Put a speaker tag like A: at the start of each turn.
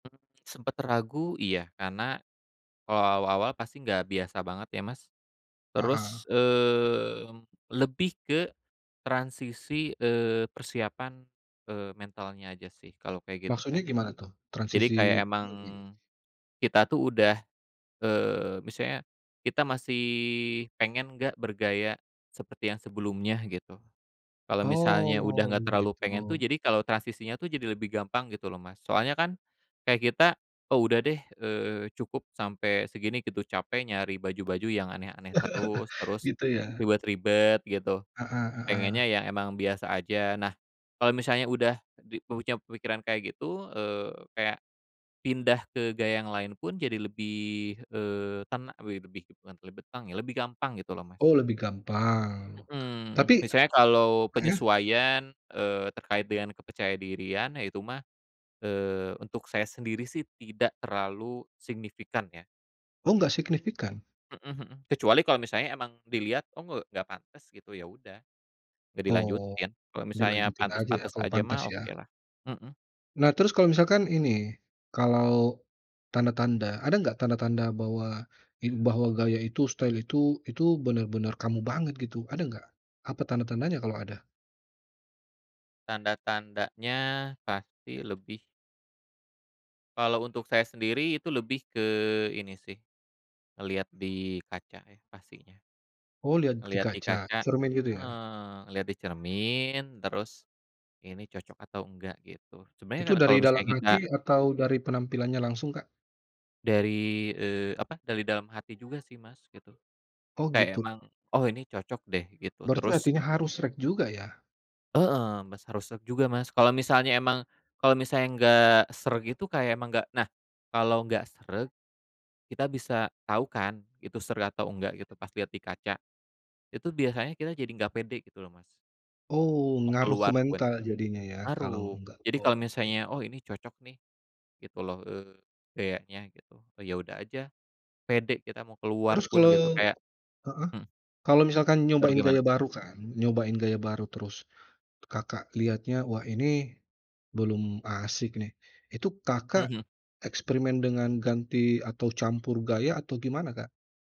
A: Mmm, sempet ragu? Iya. Karena kalau awal-awal pasti nggak biasa banget ya, Mas.
B: Ah hah.
A: Terus, mmm, lebih ke transisi, eee, persiapan, eee, mentalnya aja sih kalau kayak gitu
B: Maksudnya
A: teh.
B: gimana tuh?
A: Jadi,
B: Transisi
A: kayak emang
B: [unintelligible]
A: kita tuh udah eee, misalnya kita masih pengen nggak bergaya seperti yang sebelumnya gitu. Kalau misalnya udah
B: Oh,
A: nggak terlalu pengen tuh,
B: gitu.
A: jadi kalau transisinya tuh jadi lebih gampang gitu loh, Mas. Soalnya kan kayak kita, “Oh udah deh, eee, cukup sampai segini,” gitu, "Capek nyari baju-baju yang aneh-aneh terus terus
B: Gitu ya.
A: ribet-ribet gitu.
B: Ah hah ah hah.
A: Pengennya ya emang biasa aja." Nah kalau misalnya udah di mempunyai pemikiran kayak gitu, eee, kayak pindah ke gaya yang lain pun jadi lebih, eee, tena eee, we bebih bukan lebih tang ya, lebih gampang gitu loh, Mas.
B: Oh, lebih gampang. Tapi
A: Mhm. Misalnya kalau
B: heeh.
A: penyesuaian, eee, terkait dengan kepercayadirian, ya itu mah, eee, untuk saya sendiri sih tidak terlalu signifikan ya.
B: Oh, nggak signifikan?
A: Mhm mhm. Kecuali kalau misalnya emang dilihat, "Oh ng nggak pantes," gitu, ya udah. Nggak
B: Oh.
A: dilanjutin, kalau misalnya
B: Dilanjutin aja ya,
A: pantes-pantes
B: kalau
A: aja
B: pantas
A: mah
B: ya.
A: okelah, mhm.
B: Nah terus kalau misalkan ini, kalau tanda-tanda. Ada nggak tanda-tanda bahwa, in bahwa gaya itu, style itu itu benar-benar kamu banget gitu. Ada nggak? Apa tanda-tandanya, kalau ada?
A: Tanda-tandanya pasti lebih kalau untuk saya sendiri itu lebih ke ini sih, ngelihat di kaca ya pastinya.
B: Oh, lihat di
A: Ngelihat di
B: kaca?
A: kaca
B: Cermin gitu ya?
A: heeh, ngelihat di cermin terus ini cocok atau enggak gitu. sebenernya kan
B: Itu
A: na kalau
B: dari dalam
A: misalnya kita
B: hati, atau dari penampilannya langsung, Kak?
A: Dari, eee, apa, dari dalam hati juga sih, Mas, gitu.
B: Oh,
A: Kayak
B: gitu.
A: emang, "Oh ini cocok deh," gitu
B: Berarti
A: terus
B: artinya harus sreg juga ya?
A: Heeh. Mas, harus sreg juga, Mas. Kalau misalnya emang kalau misalnya nggak sreg gitu kayak emang nggak nah, kalau nggak sreg kita bisa tau kan, itu sreg atau enggak gitu pas liat di kaca. Itu biasanya kita jadi nggak pede gitu loh, Mas.
B: Oh,
A: Mau
B: ngaruh
A: keluar pun.
B: komentar jadinya ya kalau
A: Ngaruh.
B: nggak
A: Jadi, kalau
B: oke.
A: misalnya, "Oh ini cocok nih," gitu loh, eee, "gayanya," gitu. E ya udah aja. Pede kita mau keluar
B: Terus
A: pun
B: kalau
A: gitu kayak
B: heeh.
A: Mhm.
B: Kalau misalkan
A: Baru
B: nyobain gaya
A: gimana?
B: baru kan. Nyobain gaya baru terus, Kakak lihatnya, "Wah ini belum asyik nih." Itu Kakak
A: Mhm.
B: eksperimen dengan ganti atau campur gaya? Atau gimana, Kak?